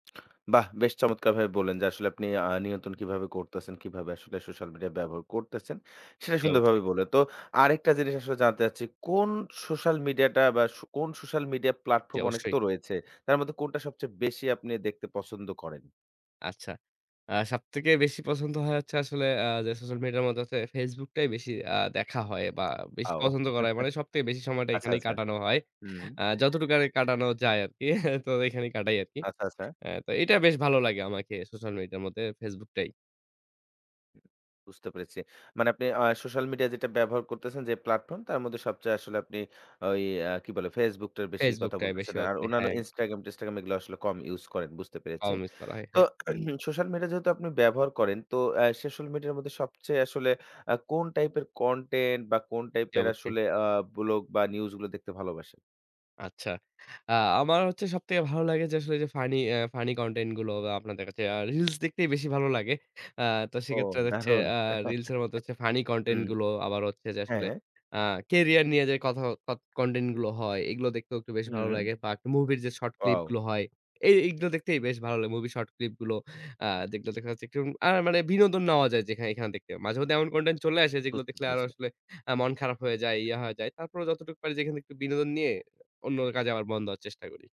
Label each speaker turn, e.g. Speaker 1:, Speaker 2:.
Speaker 1: বাহ! বেশ চমৎকারভাবে বললেন যে আসলে আপনি আ নিয়ন্ত্রণ কিভাবে করতেছেন, কিভাবে আসলে সোশ্যাল মিডিয়া ব্যবহার করতেছেন। সেটা
Speaker 2: জী অবশ্যই।
Speaker 1: সুন্দরভাবে বললেন। তো আরেকটা জিনিস আসলে জানতে চাচ্ছি, কোন সোশ্যাল মিডিয়া টা বা স কোন সোশ্যাল মিডিয়া
Speaker 2: জী
Speaker 1: প্লাটফর্ম অনেক
Speaker 2: অবশ্যই।
Speaker 1: তো রয়েছে। তার মধ্যে কোনটা সবচেয়ে বেশি আপনি দেখতে পছন্দ করেন?
Speaker 2: আচ্ছা। আ সবথেকে বেশি পছন্দ হয় হচ্ছে আসলে, আ যে সোশ্যাল মিডিয়ার মধ্যে হচ্ছে FaceBook টাই বেশি আ দেখা হয় বা বেশি
Speaker 1: আও
Speaker 2: পছন্দ করা হয়। মানে সবথেকে বেশি সময়টা
Speaker 1: আচ্ছা,
Speaker 2: এখানেই
Speaker 1: আচ্ছা।
Speaker 2: কাটানো হয়।
Speaker 1: হুম।
Speaker 2: আ যতটুকু আরকি কাটানো যায় আরকি, তো এখানেই কাটাই আরকি।
Speaker 1: আচ্ছা, আচ্ছা।
Speaker 2: আ তো এটা বেশ ভালো লাগে আমাকে, সোশ্যাল মিডিয়া এর মধ্যে FaceBook টাই।
Speaker 1: বুঝতে পেরেছি। মানে আপনি আ সোশ্যাল মিডিয়া যেটা ব্যবহার করতেছেন, যে প্ল্যাটফর্ম তার মধ্যে সবচেয়ে আসলে আপনি ওই আ কি বলে FaceBook টার বেশি
Speaker 2: FaceBook
Speaker 1: কথা
Speaker 2: টায়
Speaker 1: বলতেছেন।
Speaker 2: বেশিরভাগ
Speaker 1: আর
Speaker 2: দেই,
Speaker 1: অন্যান্য
Speaker 2: হ্যাঁ
Speaker 1: Instagram টিনস্টাগ্রাম এগুলা আসলে কম ইউস করেন বুঝতে পেরেছি।
Speaker 2: পাও মিস করা হয়,
Speaker 1: তো
Speaker 2: হ্যাঁ।
Speaker 1: সোশ্যাল মিডিয়া যেহেতু আপনি ব্যবহার করেন, তো এ্যা সোশ্যাল মিডিয়ার মধ্যে সবচেয়ে আসলে আ কোন টাইপের কনটেন্ট বা কোন
Speaker 2: জী
Speaker 1: টাইপের
Speaker 2: অবশ্যই।
Speaker 1: আসলে আ ব্লগ বা নিউজ গুলো দেখতে ভালোবাসেন?
Speaker 2: আচ্ছা। আ আমার হচ্ছে সবথেকে ভালো লাগে, যে আসলে ওইযে ফানি অ্যাঁ ফানি কনটেন্ট গুলো আপনাদের কাছে। reels দেখতেই বেশি ভালো লাগে। আ তো
Speaker 1: ও
Speaker 2: সেক্ষেত্রে হচ্ছে
Speaker 1: দারুণ
Speaker 2: আ reels এর মধ্যে হচ্ছে ফানি কনটেন্ট
Speaker 1: হুম,
Speaker 2: গুলো, আবার হচ্ছে যে আসলে
Speaker 1: হ্যাঁ।
Speaker 2: আ কেরিয়ার নিয়ে যে কথা কথ কনটেন্ট গুলো হয়। এগুলো দেখতেও একটু বেশ ভালো
Speaker 1: হুম।
Speaker 2: লাগে। বাক মুভির যে শর্ট
Speaker 1: ওয়াও।
Speaker 2: ক্লিপগুলো হয়, এ এইগুলো দেখতেই বেশ ভালো লাগে। মুভির শর্ট ক্লিপগুলো আ যেগুলো দেখা যাচ্ছে আ আর মানে বিনোদন নেওয়া যায় যেখানে এখানে দেখতে। মাঝেমধ্যে এমন কনটেন্ট চলে আসে যেগুলো
Speaker 1: বুঝতে
Speaker 2: দেখলে আরো
Speaker 1: পেরেছি।
Speaker 2: আসলে আ মন খারাপ হয়ে যায়, ইয়া হয়ে যায়। তারপরও যতটুকু পারি যেখান থেকে একটু বিনোদন নিয়ে অন্য কাজে আবার মন দেওয়ার চেষ্টা করি।